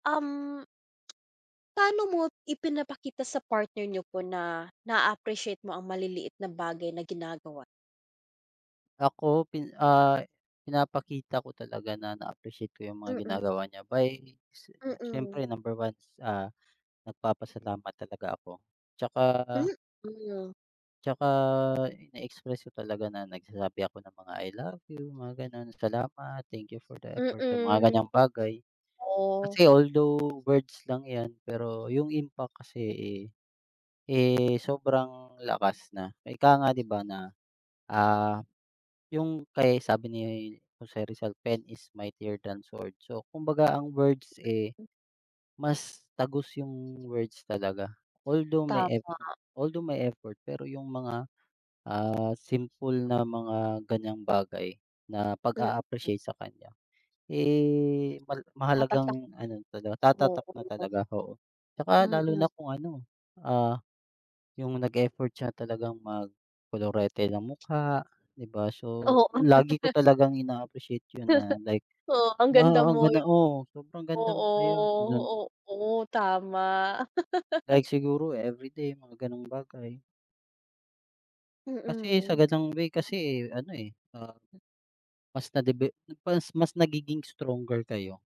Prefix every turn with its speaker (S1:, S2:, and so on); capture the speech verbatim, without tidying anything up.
S1: Um. Paano mo ipinapakita sa partner nyo po na, naaappreciate mo ang maliliit na bagay na ginagawa?
S2: Ako, pi ah, pinapakita ko talaga na na-appreciate ko yung mga
S1: Mm.
S2: ginagawa niya by, si
S1: Mm.
S2: siyempre number one, ah, nagpapasalamat talaga ako. 'Tsaka
S1: Mm.
S2: 'tsaka na-express ko talaga na nagsasabi ako ng mga I love you, mga gano'n, salamat, thank you for the effort sa mga
S1: Mm.
S2: ganyang bagay.
S1: Oh.
S2: Kasi although words lang yan, pero yung impact kasi, eh, eh, sobrang lakas na, ika nga, 'di ba na, ah, yung kay sabi ni Jose Rizal, "Pen is mightier than sword." So, kumbaga ang words, eh, mas tagos yung words talaga. Although my eff
S1: Tama.
S2: although my effort, pero yung mga, ah, simple na mga ganyang bagay na pag
S1: Mm.
S2: aappreciate sa kanya, eh,
S1: Tatatak.
S2: mahalagang ano talaga, tatatak na
S1: Oo.
S2: talaga, oo. 'Tsaka lalo
S1: Mm.
S2: na kung ano, ah, yung nag effort siya talagang mag kolorete ng mukha, 'di ba? So,
S1: Oo.
S2: lagi ko talagang ina-appreciate 'yon na, like,
S1: Oo, ang ganda
S2: "Wow ang
S1: mo.
S2: ganda mo, sobrang ganda mo ngayon." Gano'n.
S1: Oo, oo tama.
S2: Like siguro everyday, mga ganong bagay. Kasi sa
S1: Mm.
S2: ganang way kasi, eh, ano, eh, ah,
S1: Hmm.
S2: mas nadeve mas mas nagiging stronger kayo.